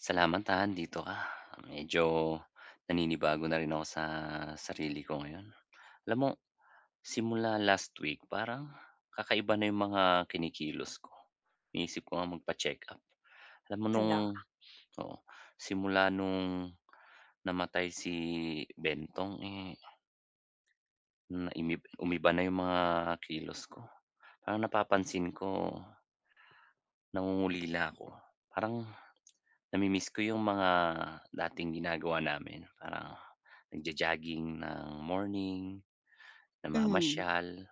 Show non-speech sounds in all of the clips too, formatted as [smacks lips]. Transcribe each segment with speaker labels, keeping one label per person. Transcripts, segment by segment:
Speaker 1: Salamat, ha, andito ka. Medyo naninibago na rin ako sa sarili ko ngayon. Alam mo, simula last week parang kakaiba na yung mga kinikilos ko. Iniisip ko ngang magpacheck-up. Alam mo nung
Speaker 2: Hala.
Speaker 1: oo, simula nung namatay si Bentong, eh, na imi umiba na yung mga kilos ko. Parang napapansin ko nangungulila ako. Parang namimiss ko yung mga dating ginagawa namin. Parang nagjo-jogging ng morning,
Speaker 2: Mhm.
Speaker 1: namamasyal,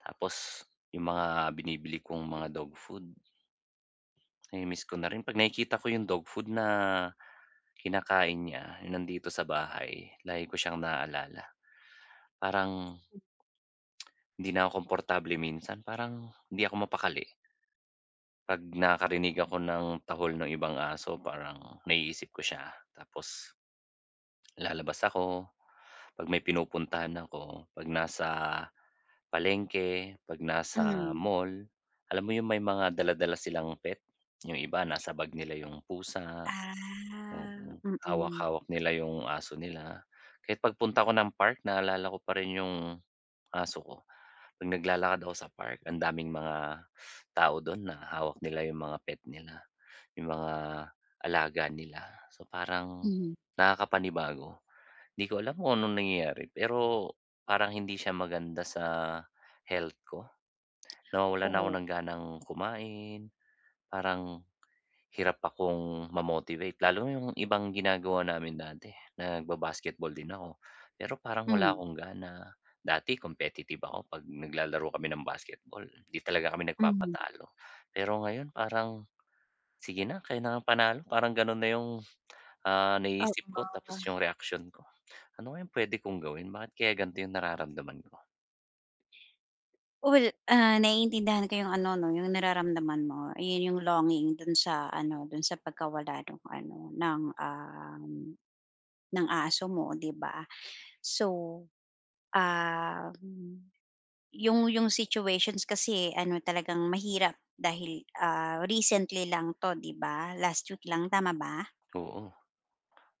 Speaker 1: tapos yung mga binibili kong mga dog food namimiss ko na rin. 'Pag nakikita ko yung dog food na kinakain niya, yung nandito sa bahay, lagi ko siyang naalala. Parang [tsk] hindi na ako komportable minsan, parang hindi ako mapakali. 'Pag nakakarinig ako ng tahol nung ibang aso, parang naiisip ko siya tapos [smacks lips] lalabas ako. 'Pag may pinupuntahan ako, 'pag nasa palengke, 'pag nasa
Speaker 2: Mhm.
Speaker 1: mall, alam mo yung may mga dala-dala silang pet, yung iba nasa bag nila yung pusa,
Speaker 2: Ah,
Speaker 1: mm.
Speaker 2: mm.
Speaker 1: Hawak-hawak nila yung aso nila. Kahit pagpunta ko ng park, naalala ko pa rin yung aso ko. 'Pag naglalakad ako sa park, ang daming mga tao doon na hawak nila yung mga pet nila, yung mga alaga nila. So, parang
Speaker 2: Mhm.
Speaker 1: nakakapanibago. Hindi ko alam kung anong nangyayari, pero parang hindi siya maganda sa health ko. Nawawalan na ako
Speaker 2: Oh.
Speaker 1: ng ganang kumain, parang hirap akong ma-motivate lalo na yung ibang ginagawa namin dati. Nagba-basketball din ako, pero parang wala
Speaker 2: Mm.
Speaker 1: akong gana. Dati competitive ako 'pag naglalaro kami ng basketball, 'di talaga kami
Speaker 2: Mhm.
Speaker 1: nagpapatalo. Pero ngayon parang, sige na, kayo na ngang panalo, parang gano'n na yung, ah,
Speaker 2: Oo.
Speaker 1: naiisip ko tapos yung reaksiyon ko. Ano kayang puwede kong gawin, bakit kaya gan'to yung nararamdaman ko?
Speaker 2: Well, ah, naiintindihan ko yung ano 'no, yung nararamdaman mo, 'yon yung longing dun sa ano, dun sa pagkawala nung ano ng, um, ng aso mo 'di ba? So, um, yung yung situations kasi, eh, ano talagang mahirap dahil, ah, recently lang 'to 'di ba, last week lang tama ba?
Speaker 1: Oo.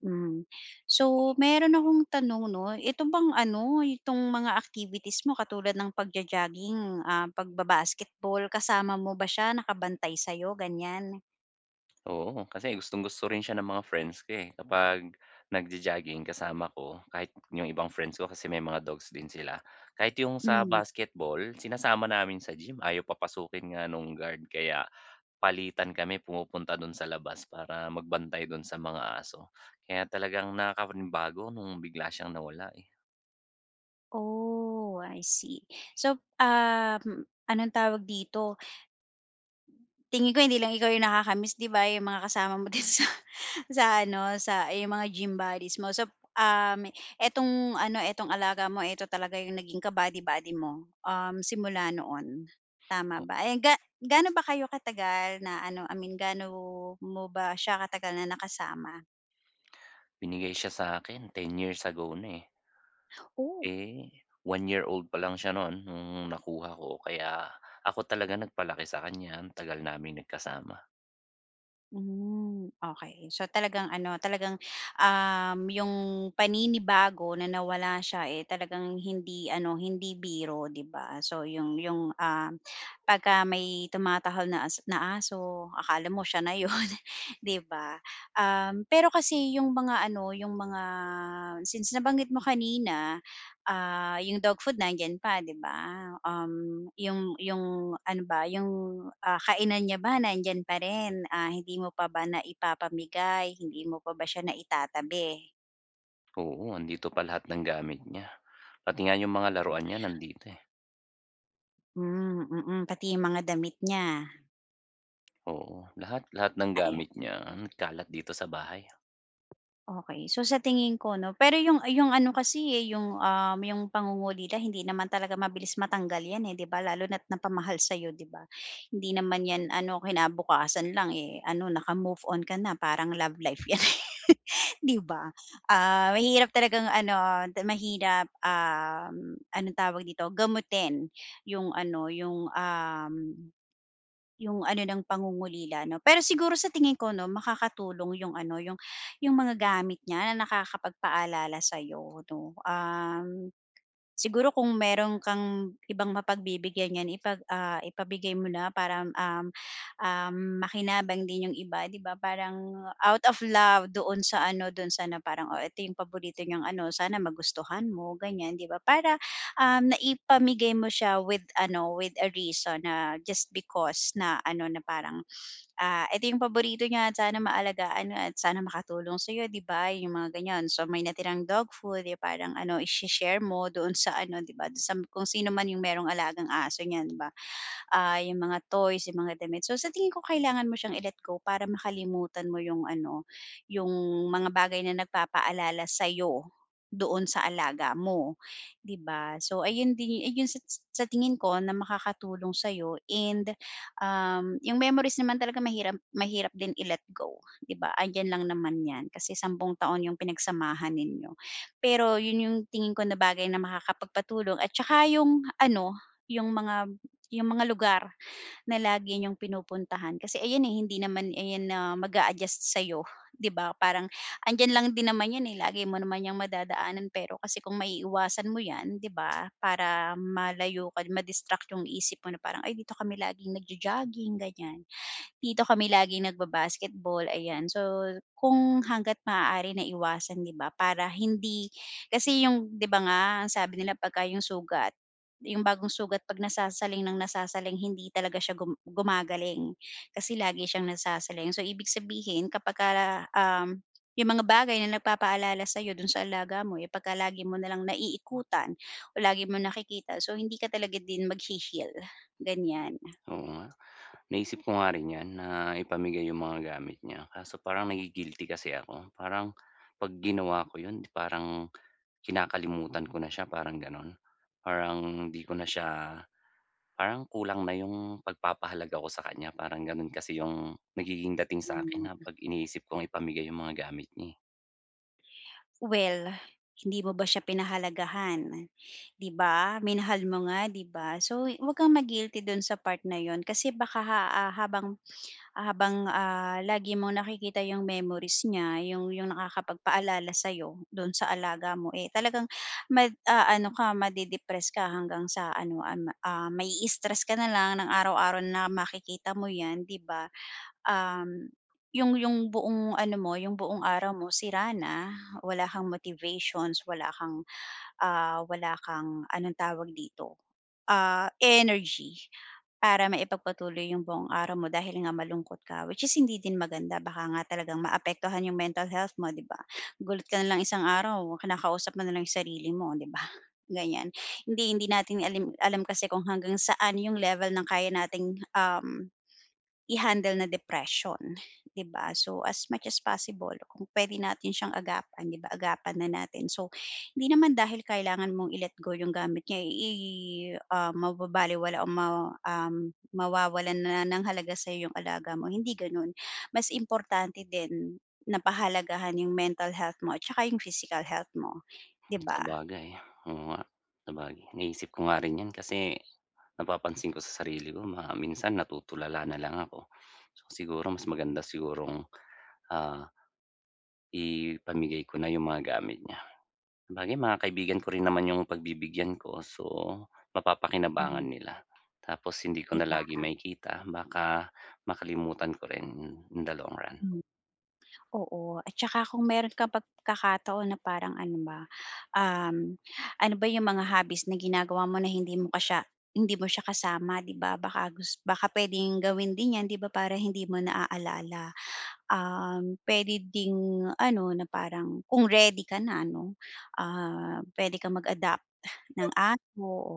Speaker 2: Hmm. So meron akong tanong 'no, ito bang ano, itong mga activities mo katulad ng pagjo-jogging, ah, pagbaba-basketball kasama mo ba siya, nakabantay sa'yo gan'yan?
Speaker 1: Oo, kasi gustong-gusto rin siya ng mga friends ko, eh, kapag nag-jo-jogging kasama ko, kahit yung ibang friends ko kasi may mga dogs din sila. Kahit yung sa
Speaker 2: Hmm.
Speaker 1: basketball sinasama namin sa gym, ayaw papasukin nga nung guard, kaya palitan kami pumupunta dun sa labas para magbantay dun sa mga aso. Kaya talagang nakakapanibago nung bigla siyang nawala, eh.
Speaker 2: Oh, I see. So, um, anong tawag dito? Tingin ko hindi lang ikaw yung nakaka-miss 'di ba, yung mga kasama mo din sa sa ano, sa yung mga gym bodies mo. So, um, itong ano, itong alaga mo eto talaga yung naging ka-body-body mo, um, simula noon, tama
Speaker 1: Oh
Speaker 2: ba? Eh, ga gaano ba kayo katagal na ano, I mean gaano mo ba siya katagal na nakasama?
Speaker 1: Binigay siya sa'kin 10 years ago na eh.
Speaker 2: Oh.
Speaker 1: Eh, 1 year old palang siya nun nung nakuha ko kaya ako talaga nagpalaki sa kanya, ang tagal naming nagkasama.
Speaker 2: Hmm, okey. So, talagang ano, talagang, um, yung paninibago na nawala siya eh talagang hindi ano, hindi biro, 'di ba? So, yung yung, um, pagka may tumatahol na as na aso, akala mo siya na yun, 'di ba. Um, pero kasi yung mga ano, yung mga since nabanggit mo kanina, ah, yung dog food nandiyan pa di ba, um, yung yung ano ba, yung, ah, kainan niya ba nandiyan pa rin, ah, hindi mo pa ba naipapamigay? Hindi mo pa ba siya naitatabi?
Speaker 1: Oo, andito pa lahat ng gamit niya, pati nga yung mga
Speaker 2: O
Speaker 1: laruan niya nandito eh.
Speaker 2: Hmm, mm pati yung mga damit niya.
Speaker 1: Oo, lahat, lahat ng
Speaker 2: Ah, ayan.
Speaker 1: gamit niya nagkalat dito sa bahay.
Speaker 2: Okey. So sa tingin ko, 'no. Pero 'yong, ah, 'yong ano, kasi, eh, 'yong, um, 'yong pangungulila hindi naman talaga mabilis matanggal 'yan, eh, 'di ba? Lalo na't napamahal sa 'yo, 'di ba? Hindi naman 'yan, ano, kinabukasan lang, eh, ano, naka-move on ka na parang love life 'yan, [chuckles] 'di ba? Ah, mahirap talagang, ano, te mahirap, um, anong tawag dito, gamutin 'yong, ano, 'yong, um, 'yong, ano ng pangungulila, 'no. Pero siguro sa tingin ko, 'no, makakatulong 'yong, ano, 'yong 'yong mga gamit niya na nakakapagpaalala sa 'yo, 'no. Um, siguro kung mayro'n kang ibang mapagbibigyan niyan ipag ah, ipabigay mo na para, hmm, um, um, makinabang din 'yong iba, 'di ba? Parang out of love doon sa, ano, do'n sa na parang, "Oh, ito 'yong paborito niyang ano, sana magustuhan mo, ganiyan." 'Di ba? Para, um, naipamigay mo siya with ano with a reason na just because na, ano, na parang, "Ah, ito 'yong paborito niya. Sana maalagaan mo at sana makatulong sa 'yo." 'Di ba? 'Yong mga ganiyan, so may natirang dog food, eh, parang, ano, isi-share mo doon sa ano, 'di ba do'n sa m kung sino man 'yong mayro'n alagang aso niyan, 'di ba? Ah, 'yong mga toys, 'yong mga damit. So sa tingin ko kailangan mo siyang i-let go para makalimutan mo 'yong, ano, 'yong mga bagay na nagpapaalala sa'yo doon sa alaga mo, 'di ba? So ayun din yu ah, 'yong sa sa tingin ko na makakatulong sa 'yo and, um, 'yong memories naman talaga mahiram mahirap din i-let go, 'di ba? Andiyan lang naman 'yan kasi 10 taon 'yong pinagsamahan ninyo. Pero 'yon 'yong tingin ko na bagay na makakapagpatulong at saka 'yong ano, 'yong mga 'yong mga lugar na lagi niyong pinupuntahan. Kasi ayan, eh, hindi naman ayan na mag-a-adjust sa 'yo, 'di ba? Parang andiyan lang din naman 'yan, eh, lagi mo naman 'yang madadaanan. Pero kasi kung maiiwasan mo 'yan, 'di ba, para malayo ka di ma-distract 'yong isip mo na parang, "Ay, dito kami laging nagjo-jogging, ganiyan. Dito kami laging nagba-basketball." Ayan, so kung hangga't maaari na iwasan, 'di ba, para hindi kasi 'yong, 'di ba nga ang sabi nila 'pagka 'yong sugat, 'yong bagong sugat, 'pag nasasaling nang nasasaling hindi talaga siya gum gumagaling. Kasi lagi siyang nasasaling. So ibig sabihin kapagka, um, 'yong mga bagay na nagpapaalala sa 'yo doon sa alaga mo, eh, pagka lagi mo na lang naiikutan o lagi mong nakikita, so hindi ka talaga din maghe-heal, ganiyan.
Speaker 1: Oo. Naisip ko nga rin 'yan na ipamigay 'yong mga gamit niya. Kaso parang nagi-guilty kasi ako. Parang 'pag ginawa ko 'yon parang kinakalimutan ko na siya, parang gano'n. Parang hindi ko na siya parang kulang na 'yong pagpapahalaga ko sa kanya, parang gano'n kasi 'yong nagiging dating sa akin
Speaker 2: Mm.
Speaker 1: na 'pag iniisip kong ipamigay 'yong mga gamit niya, eh.
Speaker 2: Well, hindi mo ba siya pinahalagahan, di ba, minahal mo nga, 'di ba? So, 'wag kang ma-guilty dun sa part na yun kasi baka ha habang habang, ah, lagi mong nakikita yung memories niya yung yung nakakapagpaalala sa'yo dun sa alaga mo, eh talagang mag-aano ka, made-depress ka hanggang sa ano an ah, mai-stress ka nalang ng araw-araw na makikita mo yan, di ba? Um, yung yung buong ano mo, yung buong araw mo sira na, wala kang motivations, wala kang, ah, wala kang anong tawag dito, ah, energy para maipagpatuloy yung buong araw mo dahil nga malungkot ka which is hindi din maganda baka nga talagang maapektuhan yung mental health mo, 'di ba, gulat ka na lang isang araw kinakausap mo nalang yung sarili mo, 'di ba, ganiyan, hindi hindi natin alam kasi kung hanggang saan yung level ng kaya nating, um, i-handle na depression, di ba? So, as much as possible kung pwede natin siyang agapan, 'di ba, agapan na natin, so, hindi naman dahil kailangan mong i-let go yung gamit niya, i i ah, mababalewala o ma, um, mawawalan na ng halaga sa'yo yung alaga mo, hindi ganun. Mas importante din na pahalagahan yung mental health mo at tsaka yung physical health mo, di ba?
Speaker 1: Sabagay, oo nga. Sabagay naisip ko nga rin 'yan. Kasi napapansin ko sa sarili ko na minsan natutulala nalang ako. Siguro mas maganda sigurong, ah, ipamigay ko na yung mga gamit niya sabagay mga kaibigan ko rin naman yung pagbibigyan ko. So, mapapakinabangan
Speaker 2: Mhm.
Speaker 1: nila tapos hindi ko
Speaker 2: 'Di
Speaker 1: na
Speaker 2: ba?
Speaker 1: lagi makikita baka makalimutan ko rin in the long run.
Speaker 2: Mhm. Oo, at tsaka kung meron kang pagkakataon na parang ano ba, um, ano ba yung mga hobbies na ginagawa mo na hindi mo pa siya hindi mo siya kasama, di ba, baka gus baka puwedeng gawin din yan di ba, para hindi mo naalala. Um, puwede ding ano, na parang kung ready ka na ano, ah, puwede kang mag-adopt ng aso o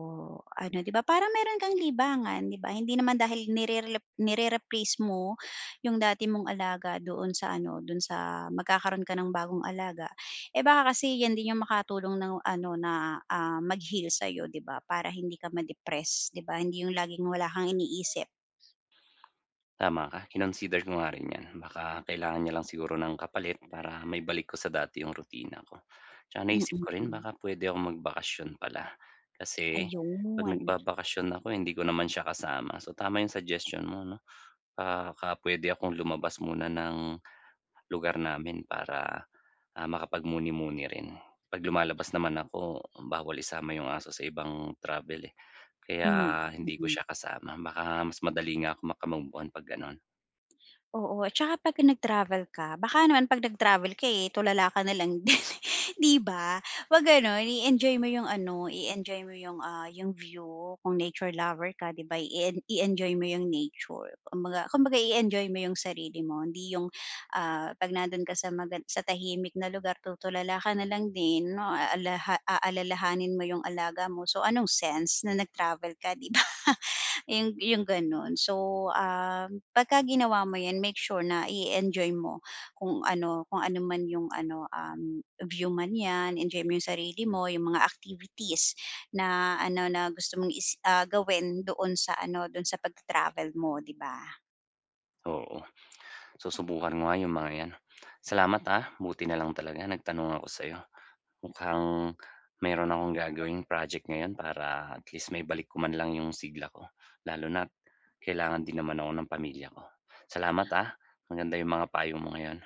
Speaker 2: ano, di ba, parang meron kang libangan, di ba, hindi naman dahil nirerelep nire-replace mo yung dati mong alaga doon sa ano, dun sa magkakaroon ka ng bagong alaga, eh baka kasi yan din yung makatulong ng ano na, ah, mag-heal sa'yo, di ba? Para hindi ka ma-depress, di ba? Hindi yung laging wala kang iniisip.
Speaker 1: Tama ka, kinonsider ko nga rin 'yan, baka kailangan niya lang siguro ng kapalit para maibalik ko sa dati yung rutina ko tsaka
Speaker 2: Mm,
Speaker 1: naiisip ko rin
Speaker 2: hmm.
Speaker 1: baka puwede akong magbakasyon pala kasi
Speaker 2: Ayun.
Speaker 1: 'pag nagbabakasyon ako hindi ko naman siya kasama. So, tama yung suggestion mo, 'no? Baka puwede akong lumabas muna ng lugar namin para, ah, makapagmuni-muni rin. 'Pag lumalabas naman ako, bawal isama yung aso sa ibang travel eh
Speaker 2: Hmm,
Speaker 1: kaya hindi ko
Speaker 2: mm.
Speaker 1: siya kasama. Baka mas madali nga ako maka-move on 'pag gano'n.
Speaker 2: Oo, at saka 'pagka nag-travel ka, baka naman pag nag-travel ka, eh, tulala ka na lang din, [chuckles] 'di ba? Huwag gano'n, i-enjoy mo 'yung ano, i-enjoy mo 'yung, ah, 'yung view kung nature lover ka, 'di ba? I-en i-enjoy mo 'yung nature, kumbaga kumbaga i-enjoy mo 'yung sarili mo. Hindi 'yung, ah, 'pag nandun ka sa maga sa tahimik na lugar, tutulala ka na lang din, a aha aalalahanin mo 'yung alaga mo, so, anong sense na nag-travel ka, 'di ba? 'Yu 'yung gano'n. So, ah, 'pagka ginawa mo 'yan, make sure na i-enjoy mo kung ano, kung ano man 'yung ano, um, view man 'yan, enjoy mo 'yung sarili mo, 'yung mga activities na ano na gusto mong i ah, gawin doon sa ano, doon sa pag-ta-travel mo, 'di ba?
Speaker 1: Oo, susubukan ko nga 'yung mga 'yan, salamat ha. Buti na lang talaga nagtanong ako sa'yo, mukhang mayroon akong gagawing project ngayon para at least maibalik ko man lang 'yung sigla ko, lalo na't kailangan din naman ako ng pamilya ko. Salamat, ah, maganda 'yung mga payo mo ngayon.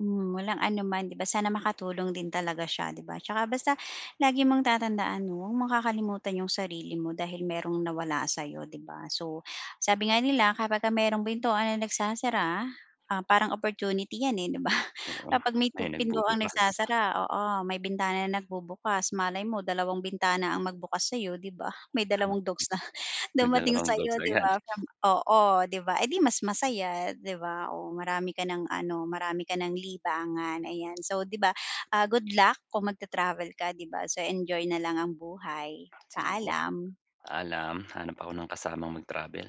Speaker 2: Hmm, walang anuman 'di ba? Sana makatulong din talaga siya, 'di ba? 'Tsaka basta lagi mong tatandaan 'no, huwag mong kakalimutan 'yung sarili mo dahil mayro'ng nawala sa'yo, 'di ba? So, sabi nga nila, kapagka mayro'ng pintuan na nagsasara, ah, parang opportunity 'yan, eh, 'di ba?
Speaker 1: Oo,
Speaker 2: Kapag may
Speaker 1: may
Speaker 2: tu pintuang
Speaker 1: nagbubukas.
Speaker 2: nagsasara, oo, may bintana na bubukas, malay mo dalawang bintana ang magbukas sa'yo, 'di ba? May dalawang dogs na
Speaker 1: [unintelligible] May
Speaker 2: dumating
Speaker 1: dalawang dogs
Speaker 2: sa'yo, 'di
Speaker 1: agad.
Speaker 2: ba. From oo, 'di ba, eh di mas masaya, 'di ba? Oh, marami ka ng ano, marami ka ng libangan, ayan. So, 'di ba, ah, good luck kung mag-ta-travel ka, 'di ba. So, enjoy na lang ang buhay,
Speaker 1: Sige,
Speaker 2: paalam.
Speaker 1: paalam, hanap ako ng kasamang mag-travel.